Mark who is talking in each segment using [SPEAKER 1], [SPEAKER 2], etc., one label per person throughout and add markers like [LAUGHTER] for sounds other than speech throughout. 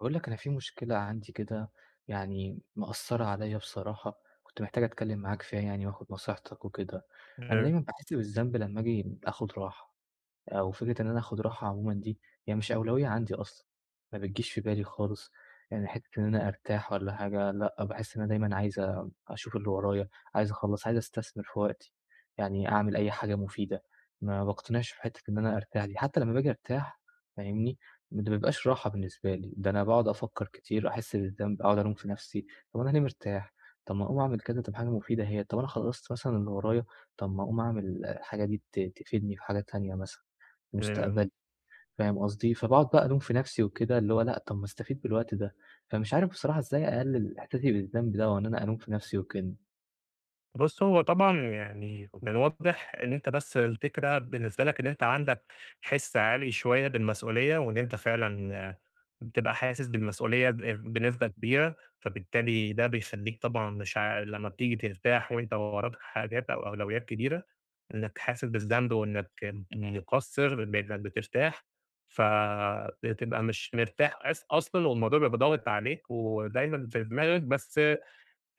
[SPEAKER 1] باقول لك أنا في مشكلة عندي كده يعني مأثّرة عليَّ بصراحة كنت محتاج أتكلّم معاك فيها يعني وآخُد نصيحتك وكده، أنا
[SPEAKER 2] [UNINTELLIGIBLE]
[SPEAKER 1] دايمًا باحس بالذنب لما آجي آخُد راحة أو فكرة إن أنا آخُد راحة عمومًا دي هي مش أولوية عندي أصلًا، ما بتجيش في بالي خالص، يعني حِتّة إن أنا أرتاح والّا حاجة، لأ باحس إن أنا دايمًا عايز أشوف اللي ورايا، عايز أخلّص، عايز أستثمر في وقتي، يعني أعمل أي حاجة مفيدة، ما باقتنعش في حِتّة إن أنا أرتاح دي حتى لما باجي أرتاح فاهمني، ده ما بيبقاش راحة بالنسبة لي، ده أنا باقعد أفكّر كتير، أحِس بالذنب، أقعُد ألوم في نَفسي، طَب أنا ليه مرتاح، طَب ما أقوم أعمل كذا تبقى حاجة مفيدة هي، طَب أنا خلّصت مثلًا اللي ورايا، طَب ما أقوم أعمل الحاجة دي ت تفيدني في حاجة تانية مثلًا،
[SPEAKER 2] امم.
[SPEAKER 1] مستقبلي، فاهم قصدي، فباقعُد بقى ألوم في نَفسي وكده، اللي هو لأ طَب ما أستفيد بالوقت ده، فمش عارف بصراحة إزاي أقلِّل إحساسي بالذنب ده وإن أنا ألوم في نَفسي وكده.
[SPEAKER 2] بُصّ، هو طبعًا يعني من الواضح إن أنت بس الفكرة بالنسبة لك إن أنت عندك حِس عالي شوية بالمسؤولية وإن أنت فعلًا بتبقى حاسس بالمسؤولية ب بنسبة كبيرة، فبالتالي ده بيخلّيك طبعًا مش عا لما بتيجي ترتاح وأنت وراك حاجات أو أولويّات كبيرة إنك حاسس بالذنب وإنك مُقصِّر بإنك بترتاح، ف بتبقى مش مرتاح أص أصلًا والموضوع بيبقى ضاغط عليك ودايمًا في دماغك، بس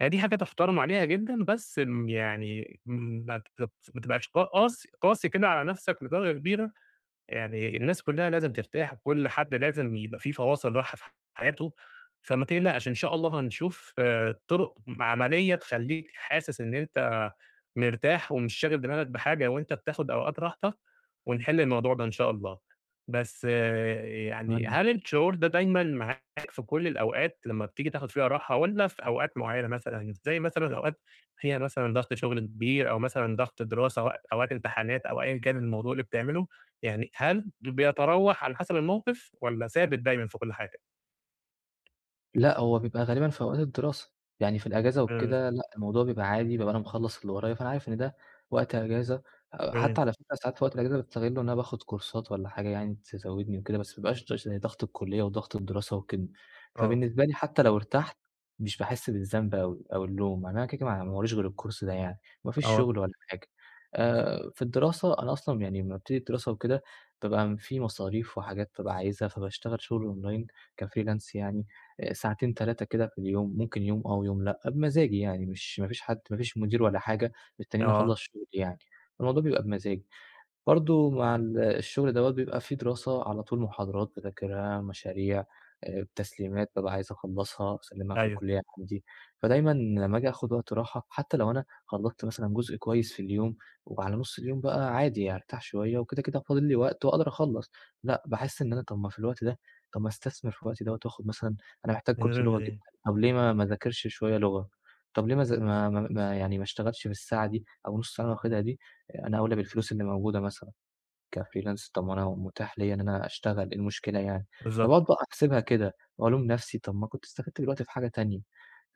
[SPEAKER 2] هي دي حاجة تُحترَم عليها جدًا، بس م يعني ما بت ما تبقاش قاس قاسي كده على نَفسك لدرجة كبيرة، يعني الناس كلّها لازم ترتاح وكلّ حد لازم يبقى في فواصِل راحة في حياته. فما تقلقش، إن شاء الله هنشوف آآ طُرُق م عملية تخلّيك حاسس إن أنت مرتاح ومش شاغل دماغك بحاجة وأنت بتاخد أوقات راحتك ونِحِل الموضوع ده إن شاء الله. بس يعني
[SPEAKER 1] أتمنى.
[SPEAKER 2] هل الشعور ده دايمًا معاك في كلّ الأوقات لما بتيجي تاخد فيها راحة والّا في أوقات معينة مثلًا، زي مثلًا أوقات هي مثلًا ضغْط شُغل كبير أو مثلًا ضغْط دراسة أو أو وقت إمتحانات أو أيًا كان الموضوع اللي بتعمله، يعني هل ب بيتراوح على حسَب الموقِف والّا ثابت دايمًا في كلّ حاجة؟
[SPEAKER 1] لأ هو بيبقى غالبًا في أوقات الدراسة. يعني في الإجازة
[SPEAKER 2] امم.
[SPEAKER 1] وكده، لأ الموضوع بيبقى عادي بيبقى أنا مخلّص اللي ورايا، فأنا عارف إن ده وقت أجازة، آآ
[SPEAKER 2] امم.
[SPEAKER 1] حتى على فكرة ساعات في وقت الأجازة، باستغلّه إن أنا باخد كورسات والّا حاجة يعني، تزودني وكده، بس ما يبقاش كتير عشان ضغط الكلية وضغط الدراسة وكده،
[SPEAKER 2] آه.
[SPEAKER 1] فبالنسبة لي حتى لو ارتحت مش باحسّ بالذنب أوي أو اللوم، يعني أنا كده، كده، ما ع ما وراييش غير الكورس ده يعني. ما فيش
[SPEAKER 2] آه.
[SPEAKER 1] شغل ولا حاجة آآ في الدراسة أنا أصلًا يعني لمّا بابتدي الدراسة وكده، بابقى في مصاريف وحاجات بابقى عايزها، فباشتغل شغل أونلاين كfreelance يعني آآ ساعتين، 3 كده في اليوم ممكن يوم آه ويوم لأ، بمزاجي يعني، مش ما فيش حد ما فيش مدير ولا حاجة مستنّيني
[SPEAKER 2] آه.
[SPEAKER 1] أخَلّص شغلي يعني الموضوع بيبقى بمزاجي. برضه مع ال الشغل دوّة بيبقى في دراسة، على طول محاضرات باذاكرها، مشاريع، آآ التسليمات بابقى عايز أخلّصها وأسلّمها في
[SPEAKER 2] أيوه.
[SPEAKER 1] الكلية عندي. فدايمًا لمّا آجي آخد وقت راحة حتى لو أنا خلّصت مثلًا جزء كويس في اليوم وعلى نص اليوم بقى عادي يعني، أرتاح شوية، وكده، كده فاضل لي وقت، وأقدر أخلّص لأ باحس إن أنا طَب ما في الوقت ده، طَب ما أستثمر في الوقت دوّة وآخد مثلًا أنا محتاج
[SPEAKER 2] من
[SPEAKER 1] كورس
[SPEAKER 2] غير
[SPEAKER 1] لغة جدًا،
[SPEAKER 2] ليه.
[SPEAKER 1] طَب ليه ما ما اذاكرش شوية لغة، طَب ليه ما أذا ما ما ما يعني ما اشتغلتش في الساعة دي أو النُّص ساعة اللي أنا واخدها دي آآ، أنا أولي بالفلوس اللي موجودة مثلًا كfreelance طَب ما أنا متاح ليَّ إن أنا أشتغل، إيه المشكلة يعني؟ فباقعد
[SPEAKER 2] بالضبط.
[SPEAKER 1] بقى أحسبها كده وألوم نفسي، طَب ما كنت استفدت بالوقت ده في حاجة تانية،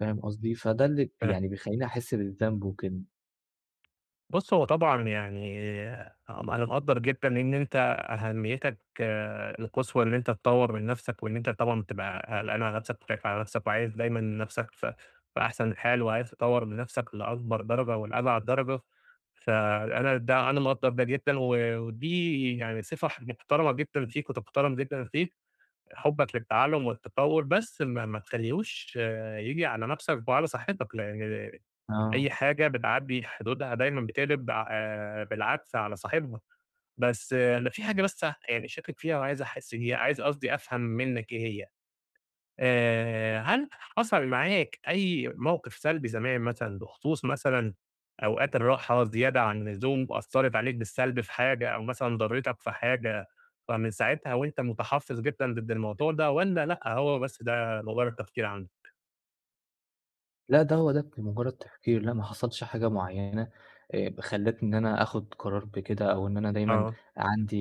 [SPEAKER 1] فاهم قصدي؟ فده اللي
[SPEAKER 2] تمام.
[SPEAKER 1] يعني بيخلّيني أحِس بالذنب وكده.
[SPEAKER 2] بُصّ، هو طبعًا يعني أنا مقدر جدًا إن أنت أهميتك القصوى إن أنت تطور من نفسك، وإن أنت طبعًا بتبقى قلقان على نفسك وخايف على نفسك وعايز دايمًا نفسك في في أحسن حال، وعايز تطور من نفسك لأكبر درجة ولأبعد درجة، فأنا ده أنا مقدر جدًا و ودي يعني صفة محترمة جدًا فيك وتُحترم جدًا فيك حبك للتعلم والتطور، بس ما ما تخليهوش ييجي على نفسك وعلى صحتك، [UNINTELLIGIBLE]
[SPEAKER 1] آه.
[SPEAKER 2] أي حاجة بتعدّي حدودها دايمًا بتقلب آآ بالعكس على صاحبها، بس لو في حاجة لسه يعني شاكك فيها وعايز أحس هي عايز قصدي أفهم منك إيه هي. آآ هل حصل معاك أي موقف سلبي زمان مثلًا بخصوص مثلًا أوقات الراحة زيادة عن اللزوم وأثرت عليك بالسلب في حاجة أو مثلًا ضرتك في حاجة فمن ساعتها وأنت متحفظ جدًا ضد الموضوع ده، والّا لأ هو بس ده مجرد تفكير عندك؟
[SPEAKER 1] لا ده هو ده كان مجرد تفكير لا ما حصلش حاجة معينة خلتني إن أنا آخد قرار بكده، أو إن أنا دايمًا
[SPEAKER 2] آه.
[SPEAKER 1] عندي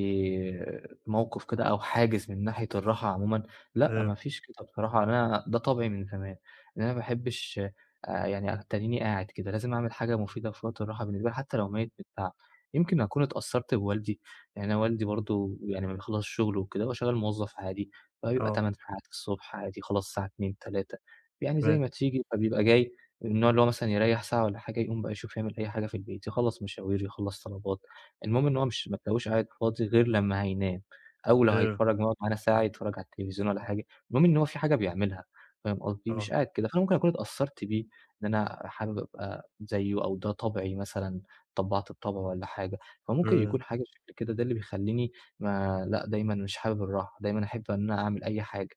[SPEAKER 1] موقف كده أو حاجز من ناحية الراحة عمومًا لأ
[SPEAKER 2] امم.
[SPEAKER 1] مافيش كده بصراحة أنا ده طبعي من زمان، إن أنا ما باحبش يعني أتنيني قاعد كده لازم أعمل حاجة مفيدة في وقت الراحة بالنسبة لي حتى لو ميت من التعب، يمكن أكون اتأثرت بوالدي يعني أنا والدي برضه يعني لما بيخلص شغله وكده هو شغال موظف عادي فبيبقى
[SPEAKER 2] آه.
[SPEAKER 1] 8 ساعات الصبح عادي يخلص الساعة 2:00 م 3:00 م يعني زي
[SPEAKER 2] تمام.
[SPEAKER 1] ما تيجي، فبيبقى جاي من النوع اللي هو مثلًا يريَّح ساعة والّا حاجة يقوم بقى يشوف يعمل أي حاجة في البيت يخلص مشاوير يخلص طلبات، المهم إن هو مش ما تلاقيهوش قاعد فاضي غير لما هينام أو لو
[SPEAKER 2] امم.
[SPEAKER 1] هيتفرج [UNINTELLIGIBLE] على ساعة هيتفرج على التلفزيون والّا حاجة، المهم إن هو في حاجة بيعملها فاهم قصدي مش
[SPEAKER 2] آه.
[SPEAKER 1] قاعد كده، فأنا ممكن أكون اتأثرت بيه إن أنا حابب أبقى زيه أو ده طبعي مثلًا اتطبّعت بطبعه والّا حاجة، فممكن
[SPEAKER 2] امم.
[SPEAKER 1] يكون حاجة شكل كده ده اللي بيخليني ما لا دايمًا مش حابب الراحة دايمًا أحب إن أنا أعمل أي حاجة.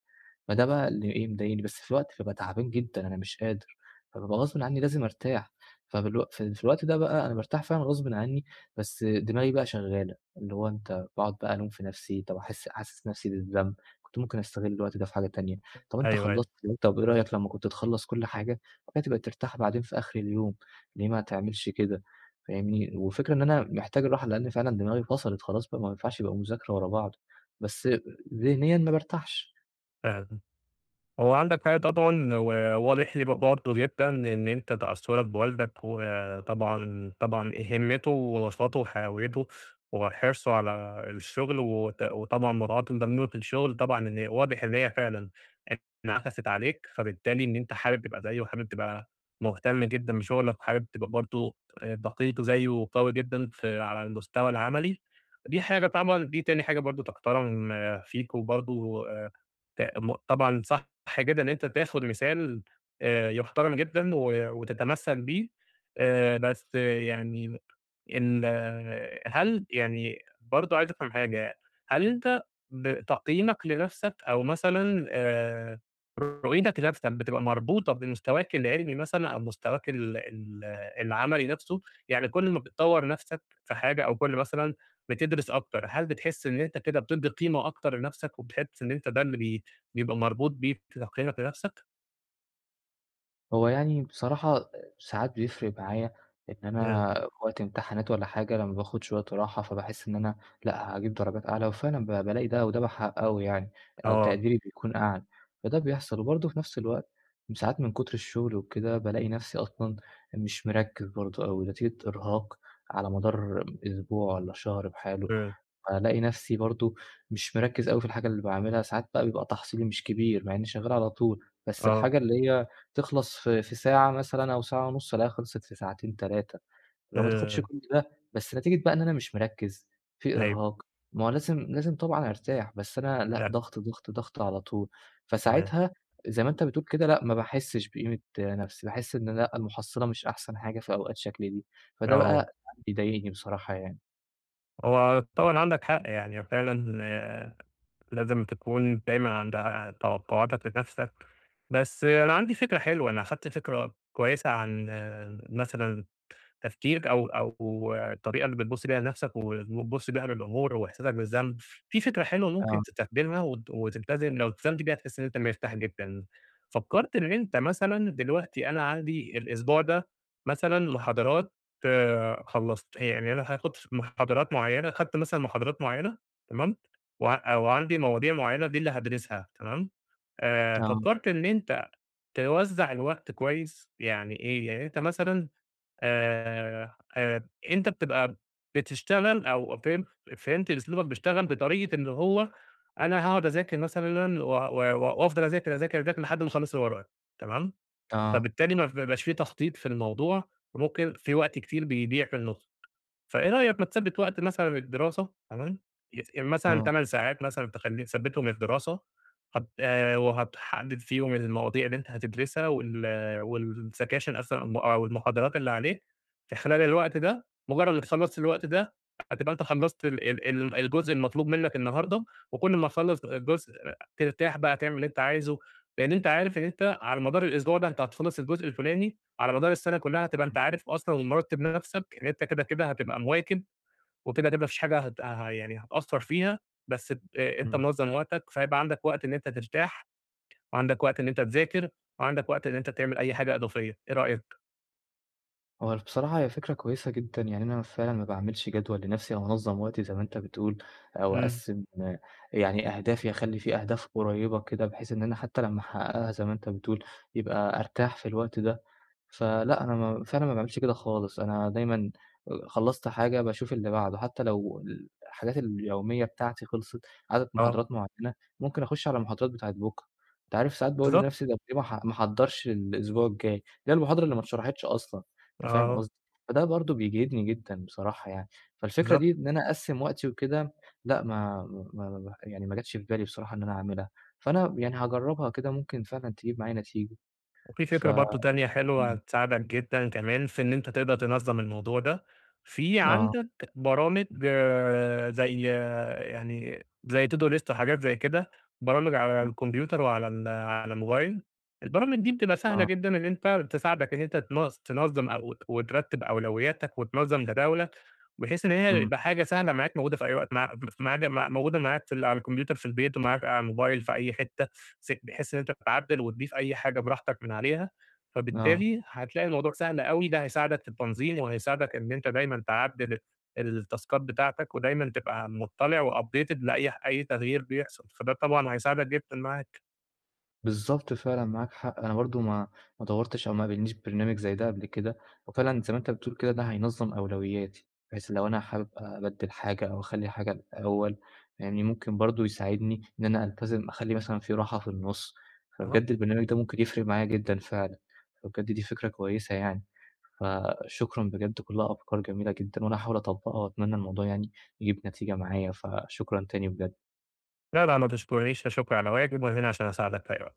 [SPEAKER 1] فده بقى اللي ايه مضايقني بس في وقت بابقى تعبان جدًا أنا مش قادر فبابقى غصبٍ عني لازم أرتاح فبالوق في في الوقت ده بقى أنا بارتاح فعلًا غصبٍ عني بس دماغي بقى شغالة، اللي هو أنت باقعد بقى ألوم في نفسي طب أحس أحسس نفسي بالذنب كنت ممكن أستغل الوقت ده في حاجة تانية طب أنت
[SPEAKER 2] أيوه أيوه.
[SPEAKER 1] خلصت طب إيه رأيك لما كنت تخلص كل حاجة بعد كده تبقى ترتاح بعدين في آخر اليوم، ليه ما تعملش كده فاهمني وفكرة إن أنا محتاج الراحة لأن فعلًا دماغي فصلت خلاص ما ينفعش يبقى مذاكرة ورا بعض بس ذهنيًا ما بارتاحش.
[SPEAKER 2] امم، هو عندك [UNINTELLIGIBLE] وواضح لي ب برضه جدًا إن أنت تأثُّرك بوالدك وطبعًا طبعًا آآ، هِمتُّه ونشاطُه وحيويتُه، وحرصُه على الشغل، و ت وطبعًا مراعاة إن ده [UNINTELLIGIBLE] الشغل طبعًا إن هي واضح إن هي فعلًا انعَكسِت عليك، فبالتالي إن أنت حابب تبقى زيُه، و حابب تبقى مهتم جدًا بشغلك، وحابب تبقى برضه ت دقيق زيُّه وقوي جدًا في على المستوى العملي، دي حاجة [UNINTELLIGIBLE] دي تاني حاجة برضه تُحترم فيك، وبرضه ت م طبعًا صح جدًا إن أنت تاخد مثال آآ، يُحترم جدًا و وتتمثّل بيه، آآ، بس يعني إن هل يعني برضه عايز أفهم حاجة، هل أنت ب تقييمك لنفسك، أو مثلًا آآ، رؤيتك لنفسك بتبقى مربوطة بمستواك العلمي مثلًا، أو مستواك ال ال العملي نفسه؟ يعني كل ما بتطوّر نفسك في حاجة أو كُلّ مثلًا بتدرس أكتر، هل بتحس إن أنت كده بتدّي قيمة أكتر لنفسك، وبتحس إن أنت ده اللي بي بيبقى مربوط بيك تقييمك لنفسك؟
[SPEAKER 1] هو يعني بصراحة آآ ساعات بيفرق معايا إن
[SPEAKER 2] إمم.
[SPEAKER 1] أنا وقت امتحانات والّا حاجة لمّا باخد شويّة راحة، فباحس إن أنا لأ هاجيب درجات أعلى، وفعلًا ب بالاقي ده وده بحققه يعني أو
[SPEAKER 2] آه.
[SPEAKER 1] تقديري بيكون أعلى فده بيحصل، وبرضه في نفْس الوقت ساعات من كتر الشغل وكده بالاقي نفْسي أصلًا مش مركز برضه أو نتيجة إرهاق على مدار أسبوع والّا شهر بحاله،
[SPEAKER 2] إمم.
[SPEAKER 1] فالاقي نفْسي برضه مش مركز أوي في الحاجة اللي باعملها، ساعات بقى بيبقى تحصيلي مش كبير مع إنّي شغّال على طول، بس
[SPEAKER 2] آه.
[SPEAKER 1] الحاجة اللي هي تخلص في في ساعة مثلًا أو ساعة ونُص ألاقيها خلصت في ساعتين، تلاتة اللي هو ما تاخدش
[SPEAKER 2] اهم.
[SPEAKER 1] كل ده، بس نتيجة بقى إن أنا مش مركز في
[SPEAKER 2] أيوه.
[SPEAKER 1] إرهاق، ما هو لازم لازم طبعًا أرتاح، بس أنا لأ
[SPEAKER 2] فعلًا.
[SPEAKER 1] ضغط، ضغط، ضغط على طول،
[SPEAKER 2] تمام.
[SPEAKER 1] فساعتها زي ما أنت بتقول كده لأ ما باحسش بقيمة نفْسي، باحس إن لأ، المحصلة مش أحسن حاجة في أوقات شكل دي، فده بقى
[SPEAKER 2] آه.
[SPEAKER 1] يعني بيضايقني بصراحة يعني.
[SPEAKER 2] هو طبعًا عندك حق، يعني فعلًا لازم تكون دايمًا عند ع توقعاتك لنفسك، بس أنا عندي فكرة حلوة، أنا خدت فكرة كويّسة عن مثلًا تفكير أو أو الطريقة اللي بتبص بيها لنفسك و وبتبص بيها للأمور وإحساسك بالذنب، في فكرة حلوة ممكن
[SPEAKER 1] آه.
[SPEAKER 2] تستخدمها وت تلتزم لو التزمت بيها هتحس إن أنت مرتاح جدًا، فكّرت إن أنت مثلًا دلوقتي أنا عندي الأسبوع ده مثلًا محاضرات خلصت هي يعني أنا هاخد ف محاضرات معيّنة، خدت مثلًا محاضرات معيّنة، تمام، وع وعندي مواضيع معيّنة دي اللي هادرسها تمام، آآ
[SPEAKER 1] آه.
[SPEAKER 2] فكّرت إن أنت توزع الوقت كويّس؟ يعني إيه؟ يعني أنت مثلًا آآ، آآ أنت بتبقى بتشتغل أو فهم فهمت أسلوبك بيشتغل بطريقة اللي هو أنا هاقعد أذاكر مثلًا و و وأفضل أذاكر، أذاكر، أذاكر لحد ما أخلص اللي ورايا، تمام؟
[SPEAKER 1] آه.
[SPEAKER 2] فبالتالي مف ما بيبقاش في تخطيط في الموضوع، وممكن في وقت كتير بيضيع في النص، فإيه رأيك ما تثبت وقت مثلًا للدراسة، تمام، يس مثلًا
[SPEAKER 1] آه.
[SPEAKER 2] 8 ساعات مثلًا تخلي تثبتهم للدراسة، هت وهتحدد فيهم المواضيع اللي أنت هتدرسها وال والسكاشن أس آه أو المحاضرات اللي عليك في خلال الوقت ده، مجرّد إنّك خلصت الوقت ده هتبقى أنت خلصت ال ال ال الجزء المطلوب منّك النهارده، وكل ما تخلص جزء ترتاح بقى، تعمل اللي أنت عايزه، لأن أنت عارف إن أنت على مدار الأسبوع ده أنت هتخلص الجزء الفُلاني، على مدار السنة كلّها هتبقى أنت
[SPEAKER 1] [UNINTELLIGIBLE]
[SPEAKER 2] عارف أصلًا ومرتب نفْسك إن أنت كده كده هتبقى مواكب وكده هتبقى ما فيش حاجة هت هي يعني هتقصر فيها، بس ب أنت
[SPEAKER 1] إمم.
[SPEAKER 2] منظم وقتك، فهيبقى عندك وقت إن أنت ترتاح وعندك وقت إن أنت تذاكر، وعندك وقت إن أنت تعمل أي حاجة إضافية، إيه رأيك؟
[SPEAKER 1] هو بصراحة هي فكرة كويسة جدًا، يعني أنا فعلًا ما باعملش جدول لنفسي أو أنظَّم وقتي زي ما أنت بتقول أو
[SPEAKER 2] إمم.
[SPEAKER 1] أقسِّم يعني أهدافي، أخلي في أهداف قريّبة كده بحيث إن أنا حتى لمّا أحققها زي ما أنت بتقول، يبقى أرتاح في الوقت ده، فلأ أنا ما فعلًا ما باعملش كده خالص، أنا دايمًا آآ، خلّصت حاجة باشوف اللي بعدُه حتى لو الحاجات اليومية بتاعتي خلصت، عدد
[SPEAKER 2] آه.
[SPEAKER 1] محاضرات معيّنة، ممكن أخُشّ على المحاضرات بتاعة بُكرة، أنت عارف ساعات باقول
[SPEAKER 2] بالضبط.
[SPEAKER 1] لنفسي طَب ليه ما أح ما أحضّرش الأسبوع الجاي، اللي هي المحاضرة اللي ما
[SPEAKER 2] امم.
[SPEAKER 1] أتشرحتش أصلًا، أنت فاهم
[SPEAKER 2] آه.
[SPEAKER 1] قصدي، فده برضه بيجهدني جدًا بصراحة يعني. فالفكرة
[SPEAKER 2] بالضبط.
[SPEAKER 1] دي إن أنا أقسّم وقتي وكده، لأ ما ما ما يعني ما جتش في بالي بصراحة إن أنا أعملها، فأنا يعني هاجرّبها كده ممكن فعلًا تجيب معايا نتيجة،
[SPEAKER 2] وفي
[SPEAKER 1] ف
[SPEAKER 2] فكرة برضه تانية حلوة
[SPEAKER 1] إمم.
[SPEAKER 2] هتساعدك جدًا كمان في إن أنت تقدر تنظّم الموضوع ده، في
[SPEAKER 1] آه.
[SPEAKER 2] عندك برامج زي يعني زي to do list وحاجات زي كده، برامج على
[SPEAKER 1] إمم.
[SPEAKER 2] الكمبيوتر وعلى ال على الموبايل، البرامج دي بتبقى سهلة
[SPEAKER 1] آه.
[SPEAKER 2] جدًا إن أنت تساعدك إن أنت تن تنظّم أو وترّتب أولوياتك وتنظّم جداولك، بحيث إن هي
[SPEAKER 1] إمم.
[SPEAKER 2] تبقى حاجة سهلة معاك موجودة في أي وقت مع مف مع موجودة معاك في ال على الكمبيوتر في البيت ومعاك على الموبايل في أي حتة، فت بحيث إن أنت تعدِّل وتضيف أي حاجة براحتك من عليها،
[SPEAKER 1] آه.
[SPEAKER 2] فبالتالي هتلاقي الموضوع سهل أوي، ده هيساعدك في التنظيم وهيساعدك إن أنت دايمًا تعدِّل التاسكات بتاعتك، ودايمًا تبقى مُطّلِع وupdated لأي ح أي تغيير بيحصل، فده طبعًا هيساعدك جدًا معاك.
[SPEAKER 1] بالضبط فعلًا، معاك حق، أنا برضه ما ما دوّرتش أو ما قابلنيش برنامج زي ده قبل كده، وفعلًا زي ما أنت بتقول كده ده هينظّم أولوياتي، بحيث لو أنا حابب أبدِّل حاجة أو أخلّي حاجة الأول، يعني ممكن برضه يساعدني إن أنا ألتزم، أخلي مثلًا في راحة في النُصّ
[SPEAKER 2] أها.
[SPEAKER 1] فبجد البرنامج ده ممكن يفرِق معايا جدًا فعلًا، فبجد دي فكرة كويسة يعني. فشكرًا بجد، كلّها أفكار جميلة جدًا، وأنا هاحاول أطبّقها وأتمنى الموضوع يعني يجيب نتيجة معايا، فشكرًا تاني بجد.
[SPEAKER 2] لا، لا ما تشكُرنيش، لا شُكرعلى واجب، وأنا هنا علشان أساعدك في أي وقت.